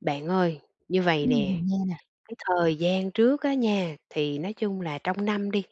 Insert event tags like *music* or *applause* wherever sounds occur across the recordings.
Bạn ơi, như vầy Ừm, nè, mình nghe nè. cái thời gian trước á nha thì, nói chung là, trong năm đi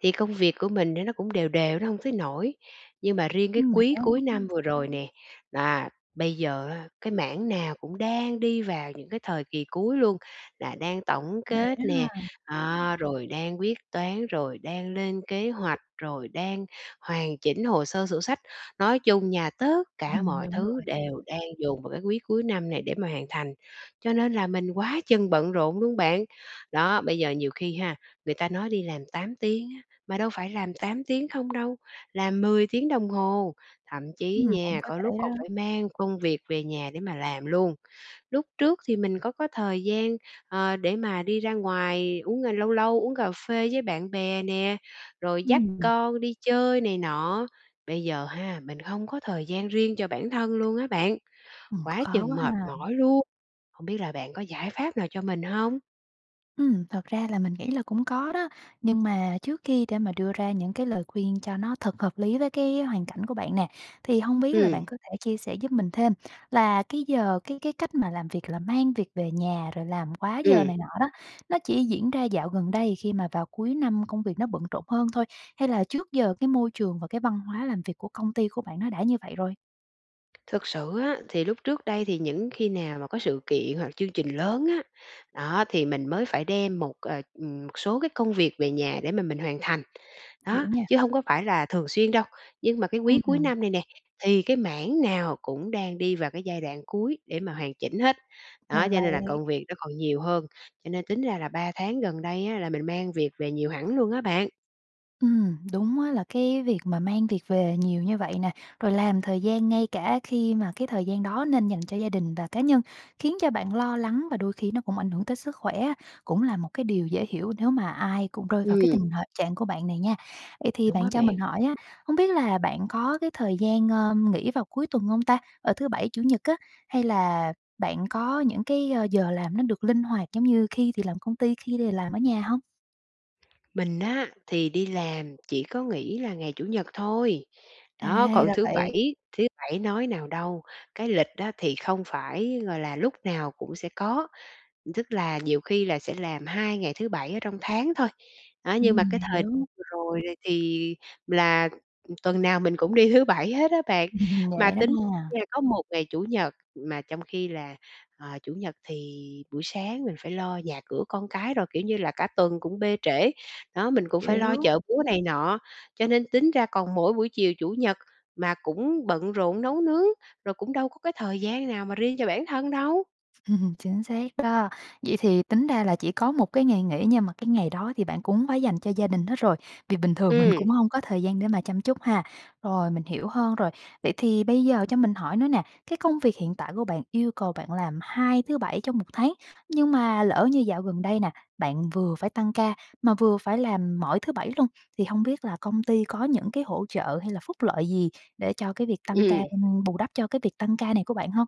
thì công việc của mình thì nó cũng đều đều, nó hông tới nỗi. Nhưng mà riêng cái Ưm quý cuối *unintelligible* năm vừa rồi nè, à, bây giờ á cái mảng nào cũng đang đi vào những cái thời kỳ cuối luôn, là đang tổng Vậy kết đó nè, ha. à, rồi đang quyết toán, rồi đang lên kế hoạch, rồi đang hoàn chỉnh hồ sơ sổ sách. Nói chung nha, tất cả Ừm, mọi đúng thứ rồi. đều đang dồn vào cái quý cuối năm này để mà hoàn thành, cho nên là mình quá chừng bận rộn luôn bạn. Đó, bây giờ nhiều khi ha, người ta nói đi làm 8 tiếng á, mà đâu phải làm 8 tiếng không đâu, làm 10 tiếng đồng hồ, thậm chí Ừm, cũng nha, có có lúc thể còn đó. phải mang công việc về nhà để mà làm luôn. Lúc trước thì mình có có thời gian, ờ, để mà đi ra ngoài uống à, lâu lâu uống cà phê với bạn bè nè, rồi dắt Ừm. con đi chơi này nọ. Bây giờ ha, mình hông có thời gian riêng cho bản thân luôn á bạn. Ừm, Quá khó chừng quá mệt ha. mỏi luôn, hông biết là bạn có giải pháp nào cho mình hông? Ừm, thật ra là mình nghĩ là cũng có đó, nhưng mà trước khi để mà đưa ra những cái lời khuyên cho nó thật hợp lý với cái hoàn cảnh của bạn nè, thì hông biết là Ừm. bạn có thể chia sẻ giúp mình thêm là cái giờ, cái cái cách mà làm việc là mang việc về nhà rồi làm quá giờ Ừm. này nọ đó, nó chỉ diễn ra dạo gần đây khi mà vào cuối năm công việc nó bận rộn hơn thôi? Hay là trước giờ cái môi trường và cái văn hóa làm việc của công ty của bạn nó đã như vậy rồi? Thực sự á thì lúc trước đây thì những khi nào mà có sự kiện hoặc chương trình lớn á, đó, thì mình mới phải đem một, ờ, ừm, một số cái công việc về nhà để mà mình hoàn thành. Hiểu Đó, nha. chứ hông có phải là thường xuyên đâu, nhưng mà cái quý Ưm, cuối ừm. năm này nè, thì cái mảng nào cũng đang đi vào cái giai đoạn cuối để mà hoàn chỉnh hết, đó, Ra cho nên là vậy. công việc nó còn nhiều hơn. Cho nên tính ra là 3 tháng gần đây, á, là mình mang việc về nhiều hẳn luôn á bạn. Ừm, đúng, á, là, cái việc mà mang việc về nhiều như vậy nè, rồi làm thời gian ngay cả khi mà cái thời gian đó nên dành cho gia đình và cá nhân, khiến cho bạn lo lắng và đôi khi nó cũng ảnh hưởng tới sức khỏe á, cũng là một cái điều dễ hiểu nếu mà ai cùng rơi vào cái Ừm. tình h trạng của bạn này nha. Vậy thì Đúng bạn á cho bạn. mình hỏi á, hông biết là bạn có cái thời gian, ờ, nghỉ vào cuối tuần hông ta? Ờ, thứ Bảy, Chủ nhật á, hay là bạn có những cái, ờ, giờ làm nó được linh hoạt, giống như khi thì làm công ty, khi thì làm ở nhà hông? Mình á, thì, đi làm chỉ có nghỉ là ngày Chủ nhật thôi, À, đó, còn ra Thứ vậy. bảy Thứ bảy nói nào đâu, cái lịch, á, thì, không phải, gọi là, lúc nào cũng sẽ có, tức là nhiều khi là sẽ làm 2 ngày thứ 7 ở trong tháng thôi. Đó, nhưng mà Ừm, cái mình thời hiểu. vừa rồi, thì, là, tuần nào mình cũng đi Thứ bảy hết á bạn. Ừm, Mà dễ lắm tính ha! ra có một ngày Chủ nhật mà trong khi là, ờ, Chủ nhật, thì, buổi sáng mình phải lo nhà cửa con cái rồi, kiểu như là, cả tuần cũng bê trễ, đó, mình cũng phải lo Hiểu. chợ búa này nọ, cho nên tính ra còn mỗi buổi chiều Chủ nhật, mà cũng bận rộn nấu nướng, rồi cũng đâu có cái thời gian nào mà riêng cho bản thân đâu. Ừm, chính xác đó. Vậy thì, tính ra là chỉ có một cái ngày nghỉ nhưng mà cái ngày đó thì bạn cũng phải dành cho gia đình hết rồi, vì bình thường mình Ừm. cũng hông có thời gian để mà chăm chút ha. Rồi, mình hiểu hơn rồi. Vậy thì bây giờ cho mình hỏi nữa nè, cái công việc hiện tại của bạn yêu cầu bạn làm hai Thứ bảy trong 1 tháng, nhưng mà lỡ như dạo gần đây nè, bạn vừa phải tăng ca mà vừa phải làm mỗi Thứ bảy luôn, thì, hông biết là công ty có những cái hỗ trợ hay là phúc lợi gì, để cho cái việc tăng ca Ừm. bù đắp cho cái việc tăng ca này của bạn hông?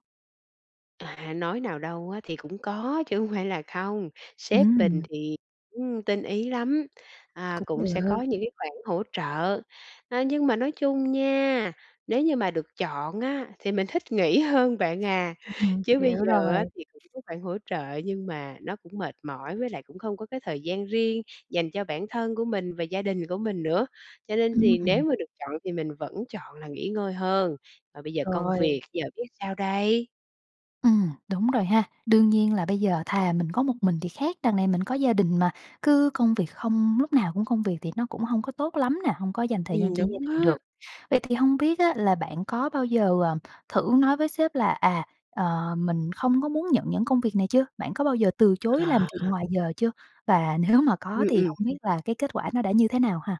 À, nói nào đâu á thì cũng có chứ hông phải là không, sếp mình Ừm. thì cũng tinh ý lắm, à, Cũng cũng sẽ được. có những cái khoản hỗ trợ. Á, nhưng mà nói chung nha, nếu như mà được chọn á thì mình thích nghỉ hơn bạn à, Ừm, ừm, chứ hiểu bây giờ rồi. á thì cũng có khoản hỗ trợ nhưng mà nó cũng mệt mỏi với lại cũng không có cái thời gian riêng dành cho bản thân của mình và gia đình của mình nữa. Cho nên Ưm, thì ừm. nếu mà được chọn thì mình vẫn chọn là nghỉ ngơi hơn, và bây giờ công Rồi. việc giờ biết sao đây? Ừm, đúng rồi ha, đương nhiên là bây giờ thà mình có một mình thì khác, đằng này mình có gia đình mà, cứ công việc không, lúc nào cũng công việc thì nó cũng hông có tốt lắm nè, hông có dành thời gian Ừm, cho gia đúng đình á. được. Vậy thì hông biết á là bạn có bao giờ, à, thử nói với sếp là, à, ờ, mình không có muốn nhận những công việc này chưa? Bạn có bao giờ từ chối làm việc À. ngoài giờ chưa? Và nếu mà có Ừm, thì ừm. hông biết là cái kết quả nó đã như thế nào ha?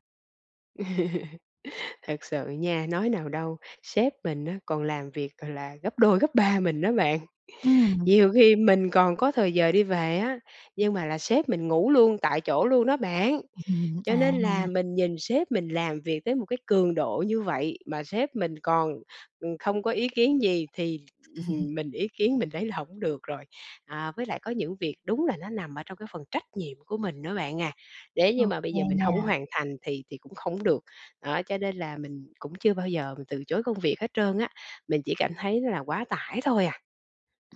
*laughs* Thật sự nha, nói nào đâu, sếp mình á còn làm việc c là gấp 2 gấp 3 mình đó bạn. Ừm. Nhiều khi mình còn có thời giờ đi về á, nhưng mà là sếp mình ngủ luôn tại chỗ luôn đó bạn. Ừm, à. Cho nên là mình nhìn sếp mình làm việc cái một cái cường độ như vậy mà sếp mình còn, ừm, không có ý kiến gì thì, *chuckles* ừm, mình ý kiến mình thấy là hổng được rồi. À, với lại có những việc đúng là nó nằm ở trong cái phần trách nhiệm của mình nữa bạn à, nếu Ô như mà bây kê giờ mình hông nha. hoàn thành thì thì cũng không được. Đó cho nên là mình cũng chưa bao giờ mình từ chối công việc hết trơn á, mình chỉ cảm thấy là quá tải thôi à.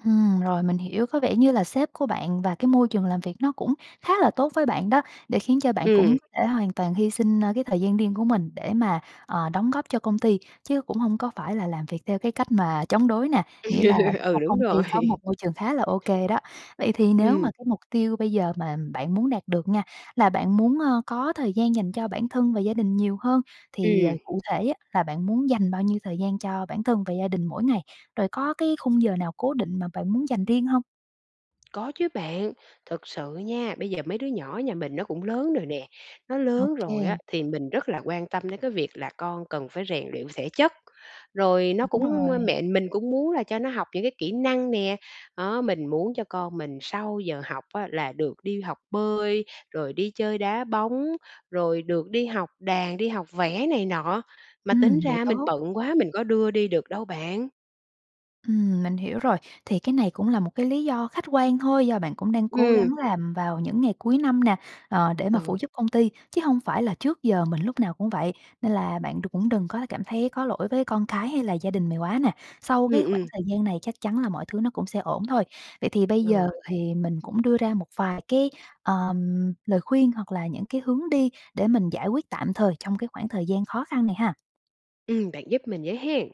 Ừm, rồi, mình hiểu có vẻ như là sếp của bạn và cái môi trường làm việc nó cũng khá là tốt với bạn đó, để khiến cho bạn cũng Ừm. có thể hoàn toàn hy sinh, ờ, cái thời gian riêng của mình để mà, ờ, đóng góp cho công ty, chứ cũng hông có phải là làm việc theo cái cách mà chống đối nè, nghĩa là *laughs* một Ừ, đúng công ty rồi. có một *chuckles* môi trường khá là ô kê đó. Vậy thì nếu Ừm. mà cái mục tiêu bây giờ mà bạn muốn đạt được nha, là bạn muốn, ờ, có thời gian dành cho bản thân và gia đình nhiều hơn thì, ờ, Ừm. cụ thể á là bạn muốn dành bao nhiêu thời gian cho bản thân và gia đình mỗi ngày, rồi có cái khung giờ nào cố định mà bạn muốn dành riêng hông? Có chứ bạn, thực sự nha, bây giờ mấy đứa nhỏ nhà mình nó cũng lớn rồi nè, nó Ô lớn rồi á kê. thì mình rất là quan tâm đến cái việc là con cần phải rèn luyện thể chất. Rồi nó Đúng cũng rồi. mẹ mình cũng muốn là cho nó học những cái kỹ năng nè, đó, mình muốn cho con mình sau giờ học á là được đi học bơi, rồi đi chơi đá bóng, rồi được đi học đàn, đi học vẽ này nọ, mà tính Ừm, vậy ra mình tốt. bận quá mình có đưa đi được đâu bạn. Ừm, mình hiểu rồi, thì cái này cũng là một cái lý do khách quan thôi do bạn cũng đang cố Ừm. gắng làm vào những ngày cuối năm nè, ờ, để mà phụ Ừ. giúp công ty, chứ hông phải là trước giờ mình lúc nào cũng vậy. Nên là bạn đừng cũng đừng quá là cảm thấy có lỗi với con cái, hay là gia đình mày quá nè, sau Ừm, cái khoảng ừm. thời gian này chắc chắn là mọi thứ nó cũng sẽ ổn thôi. Vậy thì bây Ừ. giờ thì mình cũng đưa ra một vài cái, ờm, lời khuyên, hoặc là những cái hướng đi để mình giải quyết tạm thời trong cái khoảng thời gian khó khăn này ha. Ừm, bạn giúp mình với hén.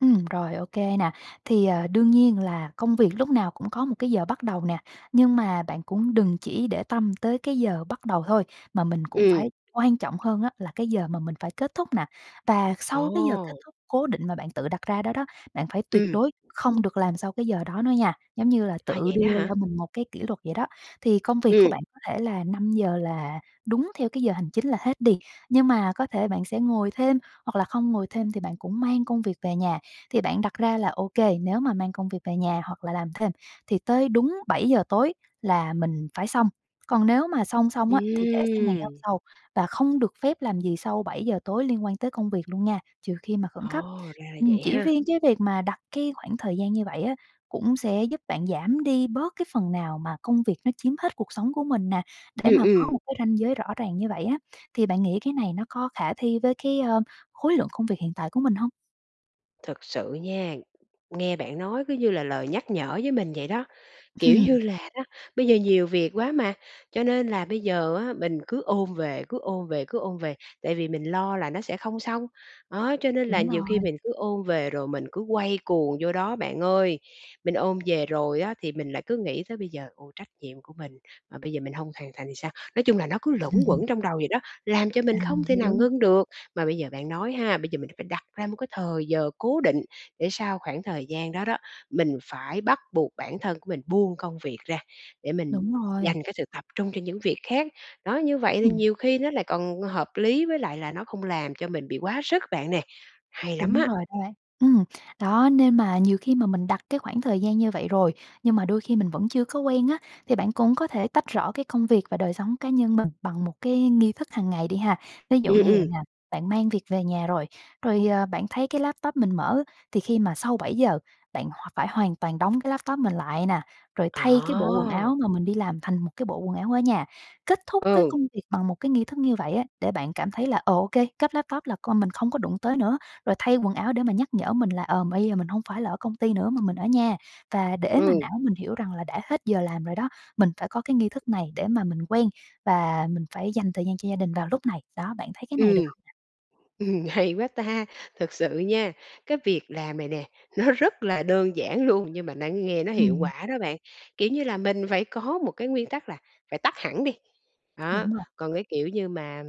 Ừm, rồi ô kê nè, thì, ờ, đương nhiên là công việc lúc nào cũng có một cái giờ bắt đầu nè, nhưng mà bạn cũng đừng chỉ để tâm tới cái giờ bắt đầu thôi, mà mình cũng Ừm. phải quan trọng hơn á là cái giờ mà mình phải kết thúc nè. Và sau cái giờ kết Ồ! thúc cố định mà bạn tự đặt ra đó đó, bạn phải tuyệt Ừm. đối không được làm sau cái giờ đó nữa nha, giống như là, À, tự vậy đó đưa hả? cho mình một cái kỷ luật vậy đó. Thì công việc của Ừm. bạn có thể là 5 giờ là đúng theo cái giờ hành chính là hết đi, nhưng mà có thể bạn sẽ ngồi thêm, hoặc là không ngồi thêm thì bạn cũng mang công việc về nhà, thì bạn đặt ra là ô kê, nếu mà mang công việc về nhà, hoặc là làm thêm thì tới đúng 7:00 tối là mình phải xong. Còn nếu mà xong xong á thì để sang ngày hôm Ừm. sau và không được phép làm gì sau 7:00 tối liên quan tới công việc luôn nha, trừ khi mà khẩn Ồ, cấp. ra là Ừm, vậy chỉ ha! riêng cái việc mà đặt cái khoảng thời gian như vậy á cũng sẽ giúp bạn giảm đi bớt cái phần nào mà công việc nó chiếm hết cuộc sống của mình nè, để Ừm, mà có ừm. một cái ranh giới rõ ràng như vậy á, thì bạn nghĩ cái này nó có khả thi với cái, ờ, khối lượng công việc hiện tại của mình hông? Thật sự nha, nghe bạn nói cứ như là lời nhắc nhở với mình vậy đó. Kiểu Ừm. như là, đó, bây giờ nhiều việc quá mà, cho nên là bây giờ, á, mình cứ ôm về, cứ ôm về, cứ ôm về, tại vì mình lo là nó sẽ không xong. Đó, cho nên là Đúng nhiều khi rồi. mình cứ ôm về rồi mình cứ quay cuồng vô đó bạn ơi. Mình ôm về rồi, á, thì, mình lại cứ nghĩ tới bây giờ, ôi, trách nhiệm của mình, mà bây giờ mình hông hoàn thành thì sao? Nói chung là nó cứ luẩn *chuckles* quẩn trong vậy đó, làm cho À, mình không mình thể hiểu. nào ngưng được. Mà bây giờ bạn nói ha, bây giờ mình phải đặt ra một cái thời giờ cố định, để sau khoảng thời gian đó đó, mình phải bắt buộc bản thân của mình buông công việc ra, để mình Đúng rồi. dành cái sự tập trung cho những việc khác. Đó, như vậy thì Ừm. nhiều khi nó lại còn, hợp lý với lại là nó không làm cho mình bị quá sức bạn nè, hay lắm Đúng á. rồi đó. Ừm, đó nên mà nhiều khi mà mình đặt cái khoảng thời gian như vậy rồi, nhưng mà đôi khi mình vẫn chưa có quen á, thì bạn cũng có thể tách rõ cái công việc và đời sống cá nhân mình bằng một cái nghi thức hàng ngày đi ha. Ví dụ Ừm, như vậy ừm. nè, bạn mang việc về nhà rồi, rồi, ờ, bạn thấy cái laptop mình mở, thì khi mà sau 7:00 bạn h phải hoàn toàn đóng cái laptop mình lại nè, rồi thay cái bộ quần À! áo mà mình đi làm thành một cái bộ quần áo ở nhà. Kết thúc cái Ừ. công việc bằng một cái nghi thức như vậy, á, để bạn cảm thấy là, ờ, ô kê, cất laptop là coi mình không có đụng tới nữa, rồi thay quần áo để mà nhắc nhở mình là, ờ, bây giờ mình hông phải là ở công ty nữa mà mình ở nhà. Và để mà Ừ. não mình hiểu rằng là đã hết giờ làm rồi đó, mình phải có cái nghi thức này, để mà mình quen và mình phải dành thời gian cho gia đình vào lúc này. Đó, bạn thấy cái này được Ừm. hông nè? Ừm, hay quá ta. Thực sự nha, cái việc làm này nè, nó rất là đơn giản luôn nhưng mà nó nghe nó hiệu Ừm. quả đó bạn. Kiểu như là, mình phải có một cái nguyên tắc là phải tắt hẳn đi. Đó, Đúng rồi. còn cái, kiểu như, mà,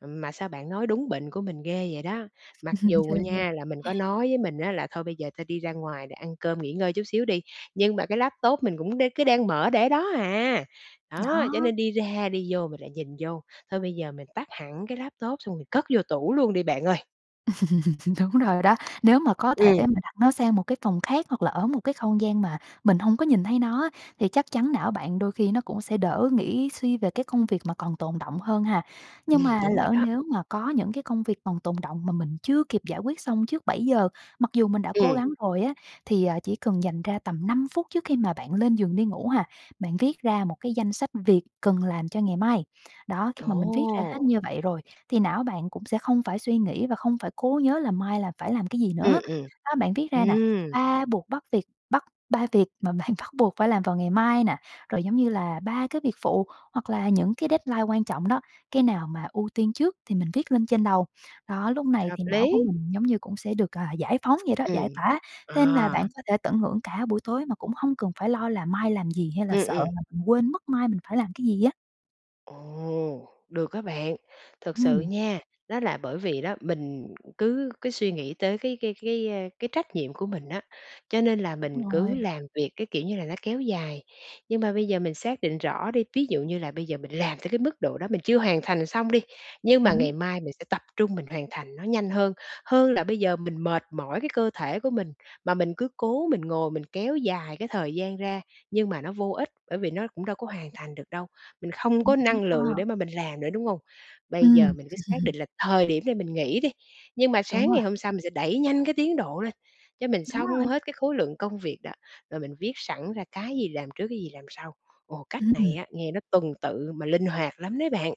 ừm, mà sao bạn nói đúng bệnh của mình ghê vậy đó, mặc *chuckles* dù Chơi ăn gian. nha là mình có nói với mình, á, là: "Thôi bây giờ ta đi ra ngoài rồi ăn cơm nghỉ ngơi chút xíu đi." nhưng mà cái laptop mình cũng đang cứ đang mở để đó hà. Đó, cho Đó. nên đi ra đi vô mình lại nhìn vô, thôi bây giờ mình tắt hẳn cái laptop xong mình cất vô tủ luôn đi bạn ơi. *chuckles* Đúng rồi đó, nếu mà có thể Ừm. mà đặt nó sang một cái phòng khác hoặc là ở một cái không gian mà, mình hông có nhìn thấy nó á, thì chắc chắn não bạn đôi khi nó cũng sẽ đỡ nghĩ suy về cái công việc mà còn tồn đọng hơn ha. Nhưng Ừm, mà đúng rồi lỡ đó. nếu mà có những cái công việc còn tồn đọng mà mình chưa kịp giải quyết xong trước 7:00 mặc dù mình đã cố Ừm. gắng rồi á, thì, à, chỉ cần dành ra tầm 5 phút trước khi mà bạn lên giường đi ngủ ha, bạn viết ra một cái danh sách việc cần làm cho ngày mai. Đó, khi mà mình viết ra hết Ồ! như vậy rồi, thì, não bạn cũng sẽ không phải suy nghĩ và không phải cố nhớ là mai là phải làm cái gì Ừm, nữa. ừm. Đó, bạn viết ra nè, Ừm. ba buộc, bắt việc bắt 3 việc mà bạn bắt buộc phải làm vào ngày mai nè, rồi giống như là 3 cái việc phụ, hoặc là những cái deadline quan trọng đó, cái nào mà ưu tiên trước thì mình viết lên trên đầu. Đó, lúc này Hợp thì não của lý. mình giống như cũng sẽ được, à, giải phóng vậy đó, giải Ừm. tỏa, nên là bạn À! có thể tận hưởng cả buổi tối mà cũng hông cần phải lo là mai làm gì, hay là Ừm, sợ ừm. là mình quên mất mai mình phải làm cái gì á. Ồ! Được á bạn, thật sự Ừm. nha, đó là bởi vì đó mình cứ cứ suy nghĩ tới cái cái cái, a, cái trách nhiệm của mình á, cho nên là Đúng mình cứ rồi. làm việc cái kiểu như là nó kéo dài. Nhưng mà bây giờ mình xác định rõ đi, ví dụ như là bây giờ mình làm tới cái mức độ đó mình chưa hoàn thành xong đi, nhưng mà Đúng. ngày mai mình sẽ tập trung mình hoàn thành nó nhanh hơn, hơn là bây giờ mình mệt mỏi cái cơ thể của mình, mà mình cứ cố mình ngồi mình kéo dài cái thời gian ra, nhưng mà nó vô ích bởi vì nó cũng đâu có hoàn thành được đâu, mình không Cũng có hay năng lượng ha. để mà mình làm nữa, đúng hông? Bây giờ Ừm. mình cứ xác định *chuckles* là thời điểm này mình nghỉ đi, nhưng mà Đúng sáng rồi. ngày hôm sau mình sẽ đẩy nhanh cái tiến độ lên, cho mình Đúng xong rồi. hết cái khối lượng công việc đó, rồi mình viết sẵn ra cái gì làm trước cái gì làm sau. Ồ, cách này Ừm. á nghe nó tuần tự mà linh hoạt lắm đấy bạn.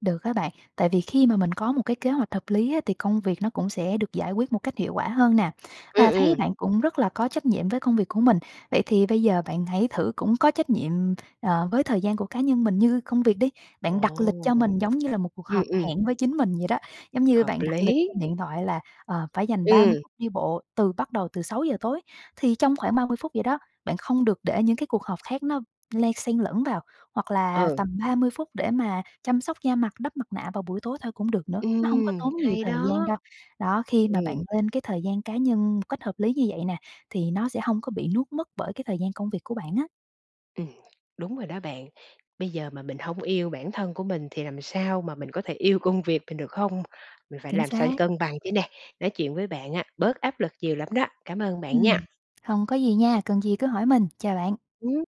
Được á bạn. Tại vì khi mà mình có một cái kế hoạch hợp lý, á, thì công việc nó cũng sẽ được giải quyết một cách hiệu quả hơn nè. Ừm, Và thấy ừm. bạn cũng rất là có trách nhiệm với công việc của mình, vậy thì bây giờ bạn hãy thử cũng có trách nhiệm, ờ, với thời gian của cá nhân mình như công việc đi. Ồ! Bạn đặt lịch cho mình giống như là một cuộc Ừm, họp ừm. hẹn với chính mình vậy đó, giống như Hợp bạn đặt lịch lý. trên điện thoại là, ờ, phải dành 30 Ừm. phút đi bộ, từ bắt đầu từ 6:00 tối. Thì trong khoảng 30 phút vậy đó, bạn không được để những cái cuộc họp khác nó len xen lẫn vào, hoặc là Ừ. tầm 30 phút để mà chăm sóc da mặt, đắp mặt nạ vào buổi tối thôi cũng được nữa, nó hông có Ừm, tốn nhiều hay thời đó! gian đâu. Đó, khi mà bạn Ừm. lên cái thời gian cá nhân một cách hợp lý như vậy nè, thì nó sẽ hông có bị nuốt mất bởi cái thời gian công việc của bạn á. Ừm. Đúng rồi đó bạn, bây giờ mà mình hông yêu bản thân của mình thì làm sao mà mình có thể yêu công việc mình được hông? Mình phải Chính làm sao xác. cân bằng chứ nè, nói chuyện với bạn á, bớt áp lực nhiều lắm đó, cảm ơn bạn nha. Ừm. Hông có gì nha, cần gì cứ hỏi mình. Chào bạn. Ừm.